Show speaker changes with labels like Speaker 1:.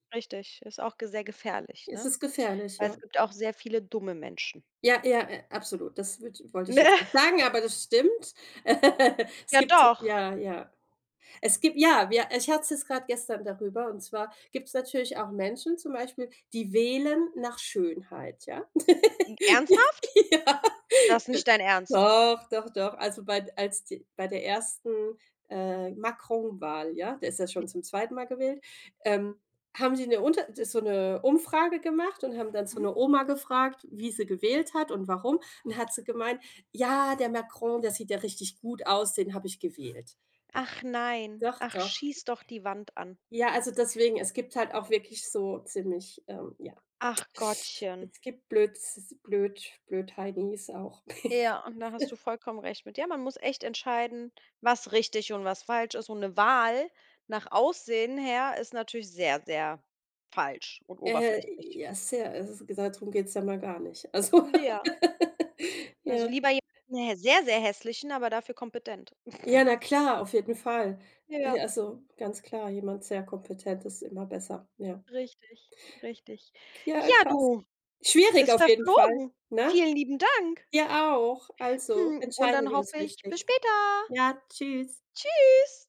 Speaker 1: Richtig, ist auch ge sehr gefährlich,
Speaker 2: Es
Speaker 1: ne,
Speaker 2: ist gefährlich,
Speaker 1: weil
Speaker 2: ja.
Speaker 1: es gibt auch sehr viele dumme Menschen.
Speaker 2: Ja, ja, äh, absolut. Das wird wollte ich jetzt
Speaker 1: Ne.
Speaker 2: nicht sagen, aber das stimmt. Äh, es
Speaker 1: Ja
Speaker 2: gibt
Speaker 1: doch.
Speaker 2: ja, ja es gibt ja, wir ich hatte es jetzt grad gestern darüber, und zwar gibt's natürlich auch Menschen zum Beispiel, die wählen nach Schönheit, ja?
Speaker 1: N Ernsthaft?
Speaker 2: Ja.
Speaker 1: Das
Speaker 2: D
Speaker 1: nicht dein Ernst?
Speaker 2: doch, doch, doch, also bei als die bei der 1. äh, Macron-Wahl, ja der ist ja schon zum 2. Mal gewählt, ähm, haben sie 'ne unter ist so 'ne Umfrage gemacht und haben dann so
Speaker 1: Mhm.
Speaker 2: 'ne Oma gefragt, wie sie gewählt hat und warum, und hat sie gemeint: „Ja, der Macron, der sieht ja richtig gut aus, den habe ich gewählt.“ Ja,
Speaker 1: Ach nein,
Speaker 2: doch,
Speaker 1: ach,
Speaker 2: doch.
Speaker 1: schieß doch die Wand an.
Speaker 2: Ja, also deswegen, es gibt halt auch wirklich so ziemlich, ähm, ja.
Speaker 1: Ach, Gottchen.
Speaker 2: Es gibt blöd, s Blöd Blödheinis auch.
Speaker 1: Ja, und da hast du vollkommen recht mit, ja, man muss echt entscheiden, was richtig und was falsch ist, und 'ne Wahl nach Aussehen her ist natürlich sehr, sehr falsch und
Speaker 2: Äh,
Speaker 1: oberflächlich.
Speaker 2: ja, sehr also dadrum geht's ja mal gar nicht. Also
Speaker 1: Ja. Also,
Speaker 2: ja.
Speaker 1: lieber je 'n sehr, sehr hässlichen, aber dafür kompetent.
Speaker 2: Ja, na klar, auf jeden Fall, äh,
Speaker 1: Ja.
Speaker 2: also ganz klar, jemand sehr Kompetentes ist immer besser, ja.
Speaker 1: Richtig, richtig.
Speaker 2: Ja,
Speaker 1: Ja,
Speaker 2: krass.
Speaker 1: du,
Speaker 2: Schwierig
Speaker 1: ist
Speaker 2: auf jeden Fall,
Speaker 1: verflogen.
Speaker 2: ne?
Speaker 1: Vielen lieben Dank.
Speaker 2: Dir auch. Also,
Speaker 1: Hm, und
Speaker 2: entscheiden
Speaker 1: dann
Speaker 2: wir
Speaker 1: hoffe
Speaker 2: uns
Speaker 1: ich, bis
Speaker 2: richtig.
Speaker 1: später!
Speaker 2: Ja, tschüss.
Speaker 1: Tschüss.